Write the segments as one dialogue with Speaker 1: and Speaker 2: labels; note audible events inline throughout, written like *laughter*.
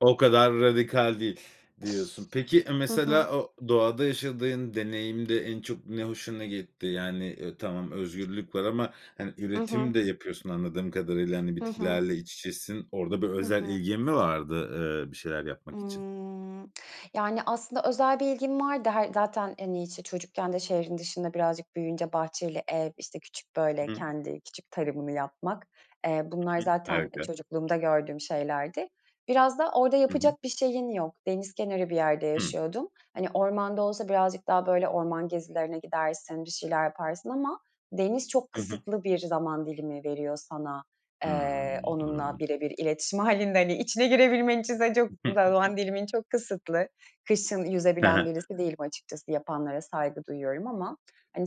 Speaker 1: "O kadar radikal değil," diyorsun. Peki, e
Speaker 2: Hı hı.
Speaker 1: mesela o doğada yaşadığın deneyimde en çok ne hoşuna gitti? Yani, ııı, tamam özgürlük var ama hani,
Speaker 2: I
Speaker 1: üretim
Speaker 2: hı.
Speaker 1: de yapıyorsun anladığım kadarıyla, hani,
Speaker 2: Hı hı.
Speaker 1: bitkilerle iç içesin. Orada bir
Speaker 2: Hı
Speaker 1: özel
Speaker 2: hı.
Speaker 1: ilgin mi vardı, ııı, bir şeyler yapmak için?
Speaker 2: Imm, yani aslında özel bir ilgim vardı. Her zaten, hani, işte, çocukken de şehrin dışında birazcık büyüyünce bahçeli ev, işte, küçük böyle
Speaker 1: Hıı.
Speaker 2: kendi küçük tarımını yapmak. Eee, bunlar
Speaker 1: Hı hı.
Speaker 2: zaten
Speaker 1: Harika.
Speaker 2: çocukluğumda gördüğüm şeylerdi. Biraz da orada
Speaker 1: Hı hı.
Speaker 2: yapacak bir şeyin yok. Deniz kenarı bir yerde
Speaker 1: Hı.
Speaker 2: yaşıyordum. Hani, ormanda olsa birazcık daha böyle orman gezilerine gidersin, bir şeyler yaparsın ama deniz çok
Speaker 1: Hı hı.
Speaker 2: kısıtlı bir zaman dilimi veriyor sana, eee,
Speaker 1: Hıı,
Speaker 2: onunla
Speaker 1: hıı.
Speaker 2: birebir iletişim hâlinde. Hani, içine girebilmen için de çok za zaman
Speaker 1: *chuckles*
Speaker 2: dilimin çok kısıtlı. Kışın
Speaker 1: He he.
Speaker 2: yüzebilen birisi değilim açıkçası, yapanlara saygı duyuyorum ama hani,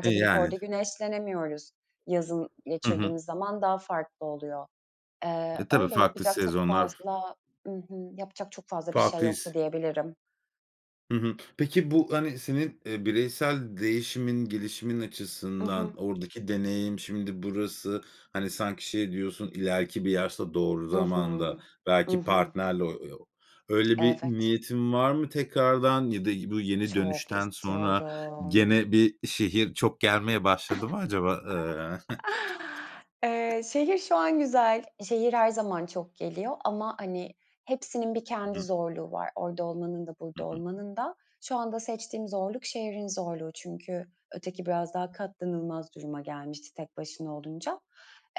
Speaker 1: E,
Speaker 2: gidip
Speaker 1: yani.
Speaker 2: orada güneşlenemiyoruz. Yazın
Speaker 1: Hı hı.
Speaker 2: geçirdiğimiz zaman daha farklı oluyor. Eee,
Speaker 1: E, tabii
Speaker 2: öyle,
Speaker 1: farklı
Speaker 2: yapacak çok
Speaker 1: sezonlar.
Speaker 2: fazla I hı. Yapacak çok fazla bir şey
Speaker 1: Farklı
Speaker 2: yoktu
Speaker 1: his.
Speaker 2: diyebilirim.
Speaker 1: Hı hı. Peki, bu, hani, senin, eee, bireysel değişimin, gelişimin
Speaker 2: I hı.
Speaker 1: açısından oradaki deneyim şimdi burası, hani, sanki şey diyorsun ileriki bir yaşta doğru
Speaker 2: I hı.
Speaker 1: zamanda
Speaker 2: I
Speaker 1: belki
Speaker 2: hı.
Speaker 1: partnerli o o öyle bir
Speaker 2: Evet.
Speaker 1: niyetin var mı tekrardan ya da yi bu yeni
Speaker 2: Çok
Speaker 1: dönüşten sonra
Speaker 2: istiyorum.
Speaker 1: gene bir şehir çok gelmeye başladı mı acaba? Iıı
Speaker 2: *chuckles*
Speaker 1: *giggles*
Speaker 2: Eee, şehir şu an güzel. Şehir her zaman çok geliyor ama hani, hepsinin bir
Speaker 1: Hı
Speaker 2: kendi
Speaker 1: hı.
Speaker 2: zorluğu var orada olmanın da
Speaker 1: Hı
Speaker 2: burada
Speaker 1: hı.
Speaker 2: olmanın da. Şu anda seçtiğim zorluk şehrin zorluğu çünkü öteki biraz daha katlanılmaz duruma gelmişti tek başına olunca.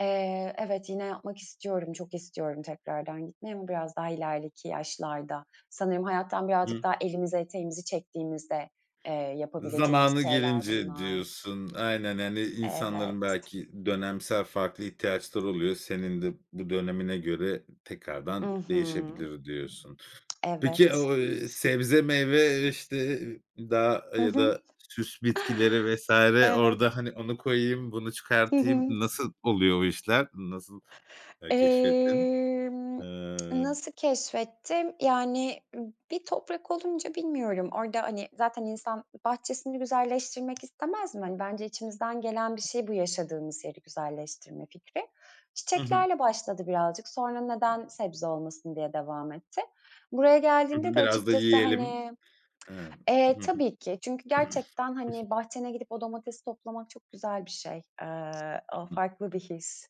Speaker 2: Eee, evet, yine yapmak istiyorum, çok istiyorum tekrardan gitmeyi ama biraz daha ilerideki yaşlarda. Sanırım hayattan birazcık
Speaker 1: Hı.
Speaker 2: daha elimizi eteğimizi çektiğimizde, eee, yapabileceğimiz
Speaker 1: "Zamanı
Speaker 2: şeyler
Speaker 1: gelince,"
Speaker 2: bunlar.
Speaker 1: diyorsun. Aynen, yani insanların
Speaker 2: Evet.
Speaker 1: belki dönemsel farklı ihtiyaçları oluyor. "Senin de bu dönemine göre
Speaker 2: I
Speaker 1: tekrardan
Speaker 2: hı.
Speaker 1: değişebilir," diyorsun. Peki,
Speaker 2: Evet.
Speaker 1: o, eee, sebze meyve, işte, e eee, dağ
Speaker 2: Hı
Speaker 1: ya
Speaker 2: hı.
Speaker 1: da süs bitkileri vs.
Speaker 2: *chuckles* Evet.
Speaker 1: orada, hani, "Onu koyayım, bunu
Speaker 2: Hı
Speaker 1: çıkartayım,"
Speaker 2: hı.
Speaker 1: nasıl oluyor o işler, nasıl, ııı, keşfettin?
Speaker 2: Emm,
Speaker 1: Iıı
Speaker 2: nasıl keşfettim? Yani b bir toprak olunca bilmiyorum. Orada, hani, zaten insan bahçesini güzelleştirmek istemez mi? Hani, bence içimizden gelen bir şey bu yaşadığımız yeri güzelleştirme fikri.
Speaker 1: Hı hı.
Speaker 2: Çiçeklerle başladı birazcık. Sonra "Neden sebze olmasın?" diye devam etti. Buraya
Speaker 1: Hı
Speaker 2: geldiğimde
Speaker 1: hı.
Speaker 2: de
Speaker 1: Biraz da
Speaker 2: açıkçası
Speaker 1: yiyelim.
Speaker 2: hani
Speaker 1: Hıı. I
Speaker 2: eee,
Speaker 1: hı hı.
Speaker 2: tabii ki çünkü
Speaker 1: *clears throat* Hı hı.
Speaker 2: gerçekten, hani, bahçene gidip o domatesi toplamak çok güzel bir şey. Eee, o
Speaker 1: *unintelligible*
Speaker 2: farklı bir his.